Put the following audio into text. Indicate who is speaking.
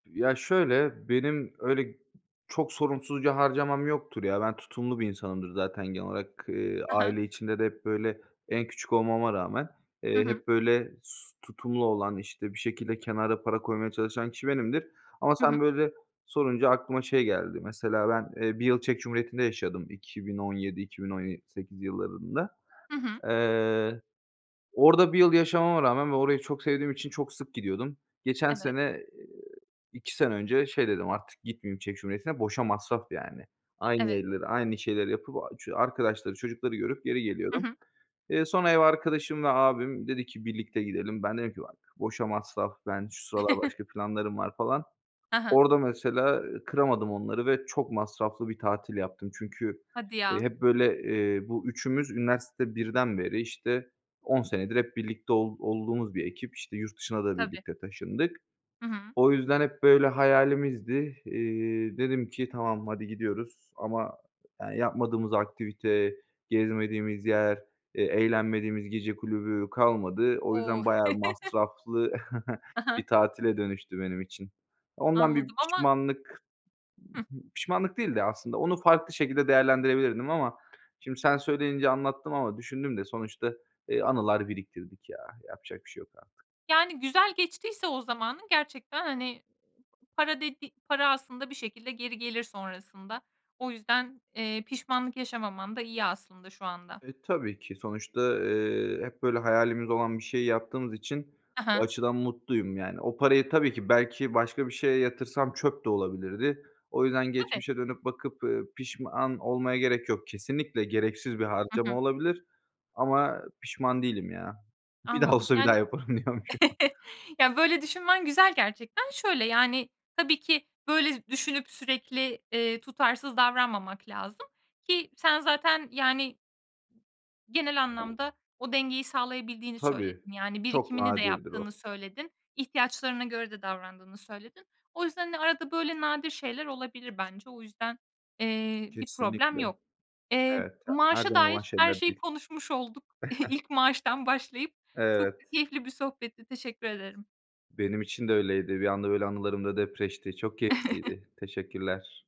Speaker 1: Ya, şöyle: Benim öyle g çok sorumsuzca harcamam yoktur ya. Ben tutumlu bir insanımdır zaten genel olarak. Eee,
Speaker 2: Ha ha.
Speaker 1: aile içinde de hep böyle, en küçük olmama rağmen,
Speaker 2: Hı
Speaker 1: eee,
Speaker 2: hı.
Speaker 1: hep böyle, s tutumlu olan, işte bir şekilde kenara para koymaya çalışan kişi benimdir ama
Speaker 2: Hı hı.
Speaker 1: sen böyle sorunca aklıma şey geldi, mesela ben, eee, 1 yıl Çek Cumhuriyeti'nde yaşadım 2017 iki bin on ye sekiz yıllarında.
Speaker 2: Hı hı.
Speaker 1: Eee, orada 1 yıl yaşamama rağmen ve orayı çok sevdiğim için çok sık gidiyordum. Geçen
Speaker 2: Evet.
Speaker 1: sene, eee, 2 sene önce şey dedim, "Artık gitmeyeyim Çek Cumhuriyeti'ne, boşa masraf yani." Aynı
Speaker 2: Evet.
Speaker 1: yerleri, aynı şeyleri yapıp o ç arkadaşları, çocukları görüp geri
Speaker 2: Hı
Speaker 1: geliyordum.
Speaker 2: hı.
Speaker 1: Eee, sonra ev arkadaşımla abim dedi ki birlikte gidelim. Ben dedim ki, "Bak, boşa masraf, ben şu sıralar başka planlarım var." falan.
Speaker 2: Ha ha.
Speaker 1: Orada mesela kıramadım onları ve çok masraflı bir tatil yaptım. Çünkü,
Speaker 2: Hadi
Speaker 1: eee,
Speaker 2: ya.
Speaker 1: hep böyle, eee, bu üçümüz üniversite 1'den beri, işte, 10 senedir hep birlikte ol olduğumuz bir ekip, işte, yurt dışına da
Speaker 2: Tabii.
Speaker 1: birlikte taşındık.
Speaker 2: Hı hı.
Speaker 1: O yüzden hep böyle hayalimizdi. Eee, dedim ki, "Tamam hadi gidiyoruz." Ama yani yapmadığımız aktivite, gezmediğimiz yer, eee, eğlenmediğimiz gece kulübü kalmadı. O
Speaker 2: O!
Speaker 1: yüzden bayağı masraflı
Speaker 2: Ha ha.
Speaker 1: bir tatile dönüştü benim için. Ondan bir
Speaker 2: Anladım ama
Speaker 1: pişmanlık
Speaker 2: Hıh.
Speaker 1: b pişmanlık değil de aslında onu farklı şekilde değerlendirebilirdim ama şimdi sen söyleyince anlattım ama düşündüm de sonuçta, eee, anılar biriktirdik ya. Yapacak bir şey yok artık.
Speaker 2: Yani güzel geçtiyse o zamanın gerçekten hani, para dediği para aslında bir şekilde geri gelir sonrasında. O yüzden, eee, pişmanlık yaşamaman da iyi aslında şu anda.
Speaker 1: E, tabii ki, sonuçta, eee, hep böyle hayalimiz olan bir şeyi yaptığımız için
Speaker 2: Ha
Speaker 1: o
Speaker 2: ha.
Speaker 1: açıdan mutluyum yani. O parayı, tabii ki, belki başka bir şeye yatırsam çöp de olabilirdi. O yüzden
Speaker 2: Tabii.
Speaker 1: geçmişe dönüp bakıp, eee, pişman olmaya gerek yok, kesinlikle gereksiz bir
Speaker 2: Hı hı.
Speaker 1: harcama olabilir ama pişman değilim ya. Bir daha
Speaker 2: Anladım.
Speaker 1: olsa bir daha
Speaker 2: Yani
Speaker 1: yaparım diyormuşum.
Speaker 2: Ya, böyle düşünmen güzel gerçekten. Şöyle yani tabii ki böyle z düşünüp sürekli, eee, tutarsız davranmamak lazım ki sen zaten yani Genel anlamda o dengeyi sağlayabildiğini
Speaker 1: Tabii,
Speaker 2: söyledin. Yani,
Speaker 1: çok
Speaker 2: birikimini de
Speaker 1: nadirdir o.
Speaker 2: yaptığını söyledin, ihtiyaçlarına göre de davrandığını söyledin. O yüzden hani arada böyle nadir şeyler olabilir bence. O yüzden, eee, bir problem
Speaker 1: Kesinlikle.
Speaker 2: yok. Eee,
Speaker 1: Evet, yani her
Speaker 2: maaşa
Speaker 1: zaman olan
Speaker 2: dair her
Speaker 1: şeyler
Speaker 2: şeyi
Speaker 1: değil.
Speaker 2: konuşmuş olduk ilk maaştan başlayıp. Çok da
Speaker 1: Evet.
Speaker 2: keyifli bir sohbetti, teşekkür ederim.
Speaker 1: Benim için de öyleydi, bir anda öyle anılarım da depreşti, çok keyifliydi. Teşekkürler.